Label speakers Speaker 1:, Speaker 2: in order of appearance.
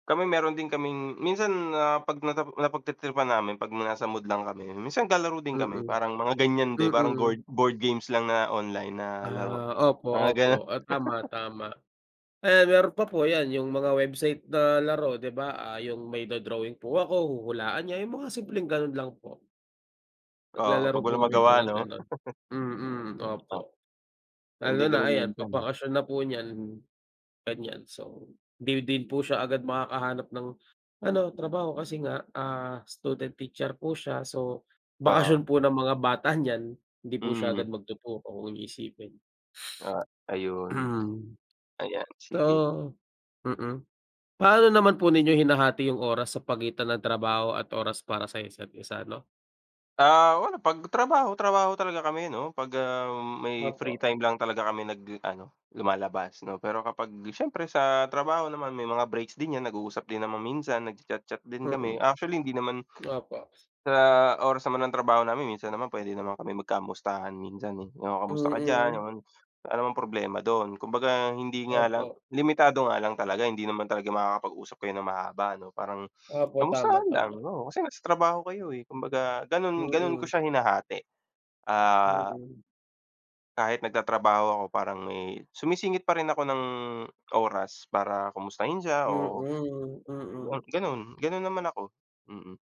Speaker 1: Kami meron din kaming minsan na 'pag napa napagtritripan namin 'pag nasa mood lang kami, minsan naglalaro din kami
Speaker 2: Mm.
Speaker 1: parang mga ganiyan din parang
Speaker 2: Mm.
Speaker 1: goard board games lang na online na laro,
Speaker 2: Ah, opo,
Speaker 1: mga
Speaker 2: opo,
Speaker 1: ganun.
Speaker 2: ah, tama, tama. Ayan meron pa po yan yung mga website na laro di ba, ah, yung may do-drawing po ako huhulaan niya, yung mga simpleng ganun lang po.
Speaker 1: Oo,
Speaker 2: Naglalaro
Speaker 1: pag
Speaker 2: po
Speaker 1: walang
Speaker 2: kami ng
Speaker 1: magawa
Speaker 2: mga
Speaker 1: no,
Speaker 2: ganon, mm,
Speaker 1: oo ta
Speaker 2: opo.
Speaker 1: ganiyan
Speaker 2: Lalo
Speaker 1: din
Speaker 2: na
Speaker 1: kami
Speaker 2: ayan
Speaker 1: minsan,
Speaker 2: 'pag
Speaker 1: eh.
Speaker 2: bakasyon na po niyan, ganiyan. So di din po siya agad makakahanap ng ano trabaho kasi nga, ah, student teacher po siya, so
Speaker 1: Oo.
Speaker 2: bakasyon po ng mga bata niyan, hindi po siya agad
Speaker 1: Mhm.
Speaker 2: magtuturo kung iisipin.
Speaker 1: Oo ayun, ayan sige.
Speaker 2: Totoo, mm. Paano naman po ninyo hinahati yung oras sa pagitan ng trabaho at oras para sa isa't-isa ano?
Speaker 1: Ah, wala 'pag trabaho, trabaho talaga kami ano 'pag, ah, may free
Speaker 2: Opo.
Speaker 1: time lang talaga kami nag ano lumalabas no. Pero kapag siyempre sa trabaho naman may mga breaks din yan nag-uusap din naman minsan, nagcha-chat-chat din kami,
Speaker 2: Mm,
Speaker 1: actually hindi naman
Speaker 2: opo.
Speaker 1: sa oras naman ng trabaho namin minsan naman puwede naman kami magkamustahan minsan, eh, "Oh kamusta ka diyan,"
Speaker 2: Mm.
Speaker 1: ganun. Wala namang problema dun, kumbaga hindi nga lang
Speaker 2: Opo.
Speaker 1: limitado nga lang talaga hindi naman talaga makakapag-usap kayo ng mahaba ano parang,
Speaker 2: Opo tama,
Speaker 1: kamustahan lang,
Speaker 2: tama.
Speaker 1: oo, kasi nasa trabaho kayo, eh, kumbaga ganun ganun ko
Speaker 2: Mm.
Speaker 1: siya hinahati, ah
Speaker 2: Mm.
Speaker 1: kahit nagtatrabaho ako parang may sumisingit pa rin ako ng oras para kamustahin siya,
Speaker 2: Mm,
Speaker 1: oo. Ga
Speaker 2: mm.
Speaker 1: ganun, ganun naman ako. mm.